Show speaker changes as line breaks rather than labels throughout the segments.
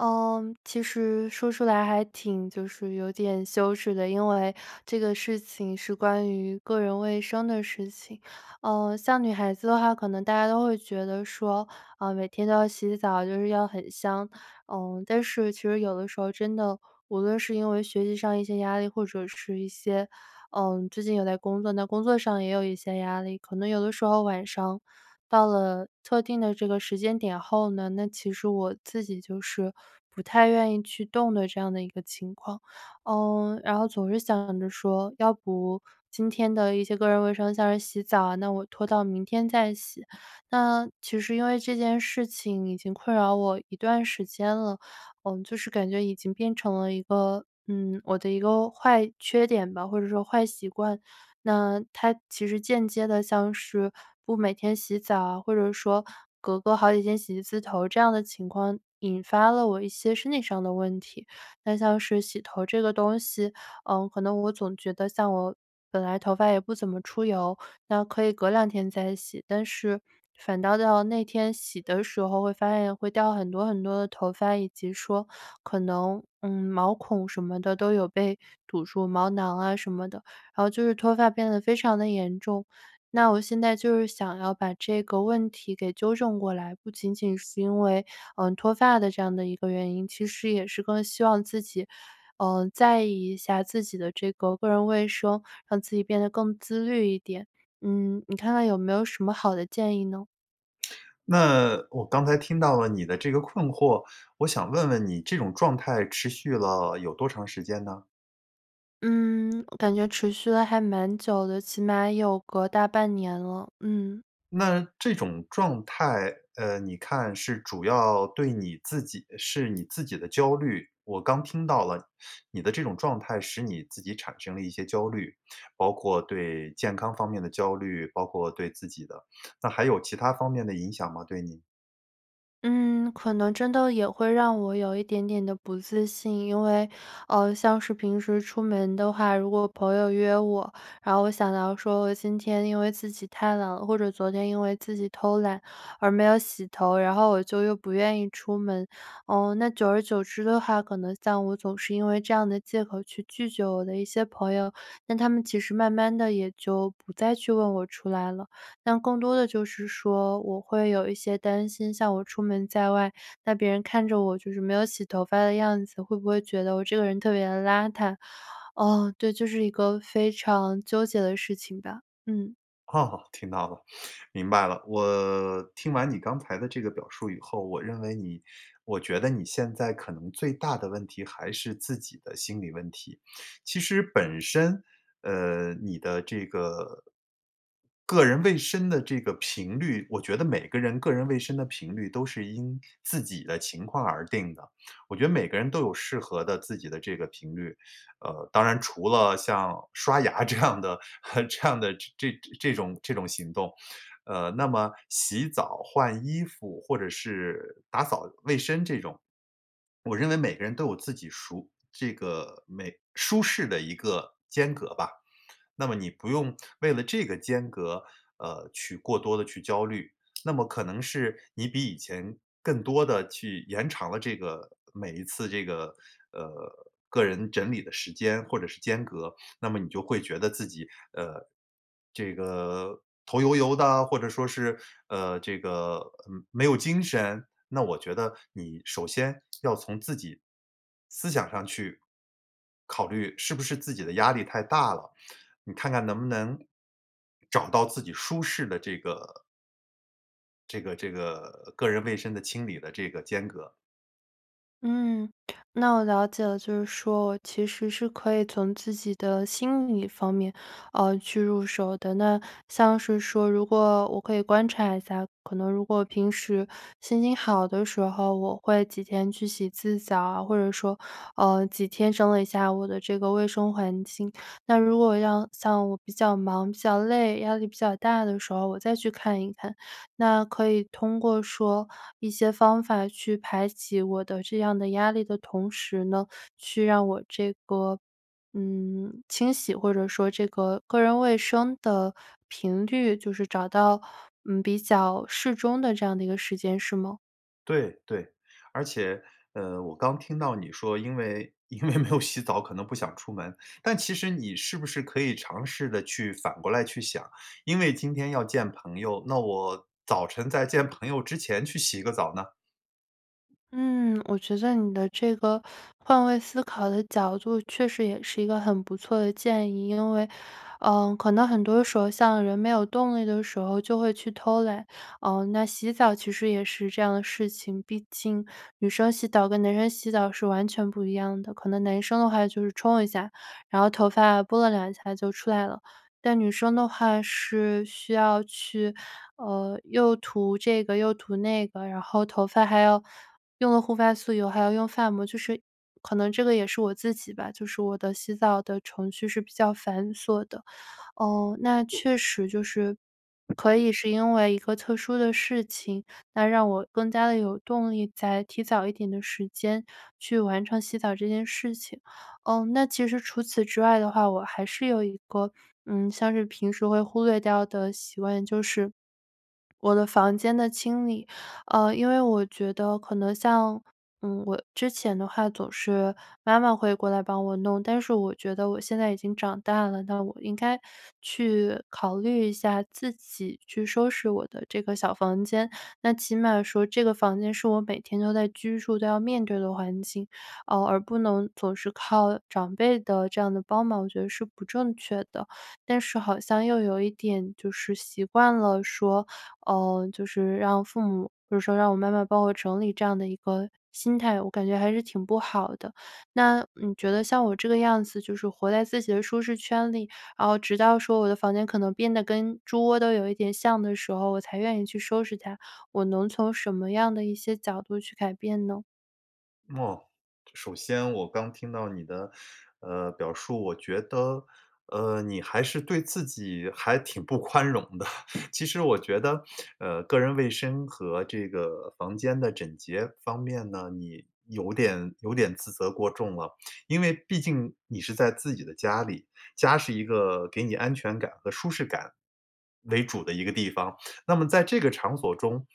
呃，其实说出来还挺就是有点羞耻的，因为这个事情是关于个人卫生的事情。呃，像女孩子的话，可能大家都会觉得说，呃，每天都要洗澡，就是要很香，呃，但是其实有的时候真的无论是因为学习上一些压力，或者是一些呃，最近有在工作，那工作上也有一些压力，可能有的时候晚上到了特定的这个时间点后呢，那其实我自己就是不太愿意去动的这样的一个情况。呃，然后总是想着说要不今天的一些个人卫生，像是洗澡啊，那我拖到明天再洗。那其实因为这件事情已经困扰我一段时间了，嗯，就是感觉已经变成了一个嗯，我的一个坏缺点吧，或者说坏习惯，那它其实间接地像是不每天洗澡啊，或者说隔个好几天洗一次头这样的情况引发了我一些身体上的问题。那像是洗头这个东西，呃，可能我总觉得像我本来头发也不怎么出油，那可以隔两天再洗，但是反倒到那天洗的时候会发现会掉很多很多的头发，以及说可能，嗯，毛孔什么的都有被堵住，毛囊啊什么的，然后就是脱发变得非常的严重。那我现在就是想要把这个问题给纠正过来，不仅仅是因为，嗯，脱发的这样的一个原因，其实也是更希望自己，呃，在意一下自己的这个个人卫生，让自己变得更自律一点。嗯，你看看有没有什么好的建议呢？
那我刚才听到了你的这个困惑，我想问问你这种状态持续了有多长时间呢？
嗯，我感觉持续了还蛮久的，起码有个大半年了，嗯。
那这种状态，呃，你看是主要对你自己是你自己的焦虑，我刚听到了你的这种状态使你自己产生了一些焦虑，包括对健康方面的焦虑，包括对自己的。那还有其它方面的影响吗？对你。
嗯，可能真的也会让我有一点点的不自信，因为，呃，像是平时出门的话，如果朋友约我，然后我想到说我今天因为自己太懒了或者昨天因为自己偷懒而没有洗头，然后我就又不愿意出门。嗯，那久而久之的话可能像我总是因为这样的借口去拒绝我的一些朋友，但他们其实慢慢地也就不再去问我出来了。那更多的就是说我会有一些担心，像我出门在外，那别人看着我就是没有洗头发的样子，会不会觉得我这个人特别地邋遢？哦，对，就是一个非常纠结的事情吧，嗯。
哦，听到了，明白了。我听完你刚才的这个表述以后，我认为你我觉得你现在可能最大的问题还是自己的心理问题。其实本身，呃，你的这个个人卫生的这个频率我觉得每个人个人卫生的频率都是因自己的情况而定的。我觉得每个人都有适合的自己的这个频率。呃，当然除了像刷牙这样的 这样的这这种这种行动。呃，那么洗澡换衣服或者是打扫卫生这种，我认为每个人都有自己熟这个每舒适的一个间隔吧。那么你不用为了这个间隔，呃，去过多地去焦虑，那么可能是你比以前更多地去延长了这个每一次这个呃，个人整理的时间或者是间隔，那么你就会觉得自己，呃，这个头油油的，或者说是，呃，这个嗯，没有精神。那我觉得你首先要从自己思想上去，考虑是不是自己的压力太大了，你看看能不能找到自己舒适的这个这个这个个人卫生的清理的这个间隔。
嗯，那我了解了，就是说我其实是可以从自己的心理方面，呃，去入手的。那像是说如果我可以观察一下，可能如果平时心情好的时候，我会几天去洗一次澡啊，或者说，呃，几天整理一下我的这个卫生环境。那如果要像我比较忙、比较累、压力比较大的时候，我再去看一看，那可以通过说一些方法去排解我的这样的压力的同时呢，去让我这个嗯，清洗或者说这个个人卫生的频率就是找到，嗯，比较适中的这样的一个时间，是吗？
对对。而且呃，我刚听到你说，因为因为没有洗澡可能不想出门，但其实你是不是可以尝试着去反过来去想，因为今天要见朋友，那我早晨在见朋友之前去洗个澡呢？
嗯，我觉得你的这个换位思考的角度确实也是一个很不错的建议。因为，呃，可能很多时候像人没有动力的时候就会去偷懒，呃，那洗澡其实也是这样的事情，毕竟女生洗澡跟男生洗澡是完全不一样的。可能男生的话就是冲一下，然后头发拨拉两下就出来了。但女生的话是需要去呃，又涂这个，又涂那个，然后头发还要用了护发素以后还要用发膜，就是可能这个也是我自己吧，就是我的洗澡的程序是比较繁琐的。哦，那确实，就是可以是因为一个特殊的事情，那让我更加地有动力再提早一点的时间去完成洗澡这件事情。嗯，那其实除此之外的话，我还是有一个嗯，像是平时会忽略掉的习惯，就是我的房间的清理。呃，因为我觉得可能像嗯，我之前的话总是妈妈会过来帮我弄，但是我觉得我现在已经长大了，那我应该去考虑一下自己去收拾我的这个小房间，那起码说这个房间是我每天都在居住，都要面对的环境，呃，而不能总是靠长辈的这样的帮忙，我觉得是不正确的，但是好像又有一点就是习惯了说呃，就是让父母比如说让我妈妈帮我整理这样的一个心态，我感觉还是挺不好的。那你觉得像我这个样子，就是活在自己的舒适圈里，然后直到说我的房间可能变得跟猪窝都有一点像的时候，我才愿意去收拾它，我能从什么样的一些角度去改变呢？
哦，首先我刚听到你的，呃，表述，我觉得，呃，你还是对自己还挺不宽容的。其实我觉得，呃，个人卫生和这个房间的整洁方面呢，你有点有点自责过重了。因为毕竟你是在自己的家里，家是一个给你安全感和舒适感为主的一个地方，那么在这个场所中，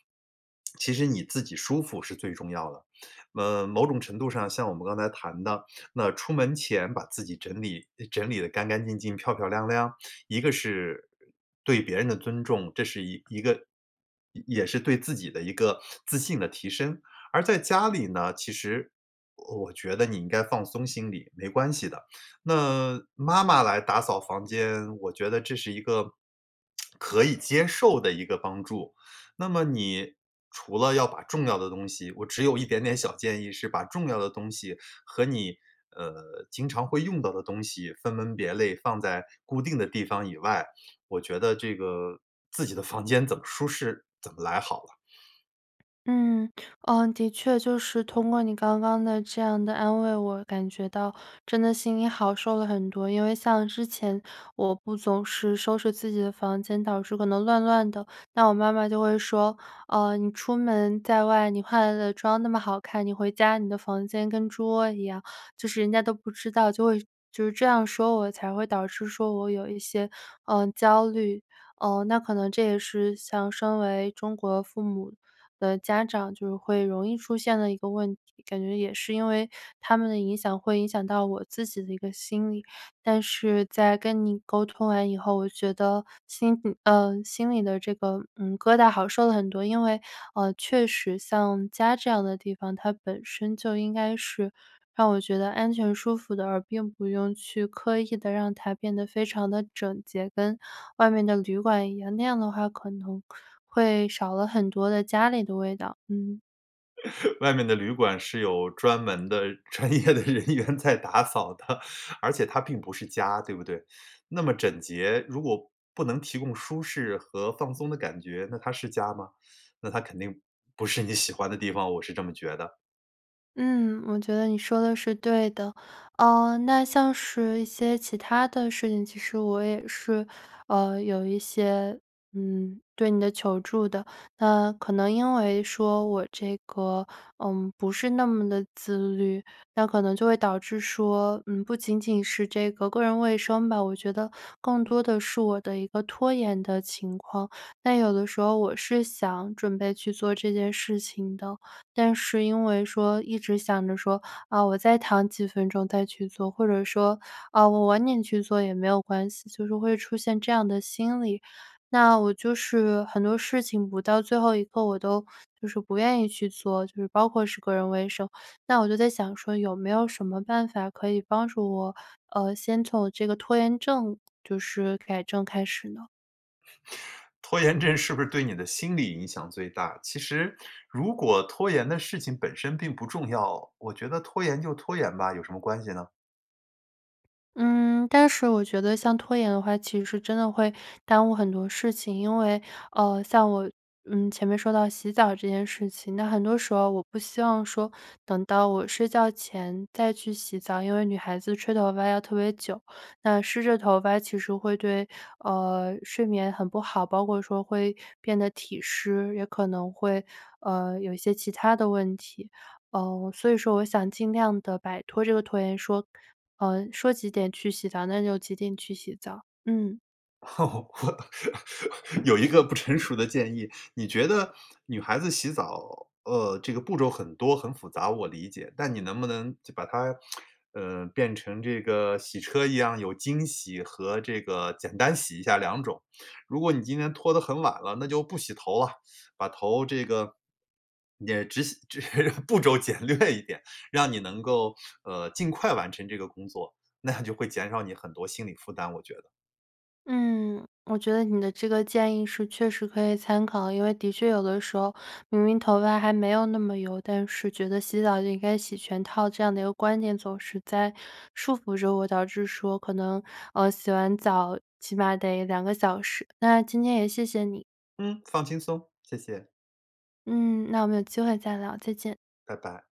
其实你自己舒服是最重要的。呃，某种程度上像我们刚才谈的，那出门前把自己整理整理得干干净净、漂漂亮亮，一个是对别人的尊重，这是一一个也也是对自己的一个自信的提升。而在家里呢，其实我觉得你应该放松心理，没关系的。那妈妈来打扫房间，我觉得这是一个 可以接受的一个帮助。那么你除了要把重要的东西我只有一点点小建议是把重要的东西，和你，呃，经常会用到的东西分门别类放在固定的地方以外，我觉得这个自己的房间怎么舒适，怎么来好了。
嗯，哦，的确，就是通过你刚刚的这样的安慰，我感觉到真的心里好受了很多。因为像之前我不总是收拾自己的房间，导致可能乱乱的。那我妈妈就会说，呃，“你出门在外，你化了的妆那么好看，你回家你的房间跟猪窝一样。”就是人家都不知道就会就是这样说我，才会导致说我有一些，呃，焦虑。呃，那可能这也是像身为中国父母的家长就会容易出现的一个问题，感觉也是因为他们的影响会影响到我自己的一个心理。但是在跟你沟通完以后，我觉得心里呃，心里的这个嗯，疙瘩好受了很多，因为，呃，确实像家这样的地方，它本身就应该是让我觉得安全舒服的，而并不用去刻意地让它变得非常得整洁，跟外面的旅馆一样，那样的话可能会少了很多的家里的味道，嗯。
外面的旅馆是有专门的专业的人员在打扫的，而且它并不是家，对不对？那么整洁如果不能提供舒适和放松的感觉，那它是家吗？那它肯定不是你喜欢的地方，我是这么觉得。
嗯，我觉得你说的是对的。嗯，那像是一些其它的事情，其实我也是，呃，有一些嗯，对你的求助的，那可能因为说我这个嗯，不是那么地自律，那可能就会导致说，嗯，不仅仅是这个个人卫生吧，我觉得更多的是我的一个拖延的情况。但有的时候我是想准备去做这件事情的，但是因为说一直想着说，啊，我再躺几分钟再去做，或者说，啊，我晚点去做也没有关系，就是会出现这样的心理。那我就是很多事情不到最后一刻我都就是不愿意去做，就是包括是个人卫生。那我就在想说有没有什么办法可以帮助我，呃，先从这个拖延症就是改正开始呢？
拖延症是不是对你的心理影响最大，其实如果拖延的事情本身并不重要，我觉得拖延就拖延吧，有什么关系呢？
嗯，但是我觉得像拖延的话其实真的会耽误很多事情。因为呃，像我，嗯，前面说到洗澡这件事情，那很多时候我不希望说等到我睡觉前再去洗澡，因为女孩子吹头发要特别久，那湿着头发其实会对，呃，睡眠很不好，包括说会变得体湿，也可能会，呃，有一些其它的问题。呃，所以说我想尽量地摆脱这个拖延说呃，说几点去洗澡，那就几点去洗澡，嗯。
哦。有一个不成熟的建议，你觉得女孩子洗澡，呃，这个步骤很多，很复杂我理解，但你能不能把它，呃，变成这个洗车一样，有精洗和这个简单洗一下两种。如果你今天拖得很晚了，那就不洗头了。把头这个也只洗只步骤简略一点，让你能够，呃，尽快完成这个工作，那样就会减少你很多心理负担我觉得。
嗯，我觉得你的这个建议是确实可以参考。因为的确有的时候明明头发还没有那么油，但是觉得洗澡就应该洗全套，这样的一个观点总是在束缚着我，导致说可能呃，洗完澡起码得2个小时，那今天也谢谢你。
嗯，放轻松，谢谢。
嗯，那我们有机会再聊，再见。
拜拜。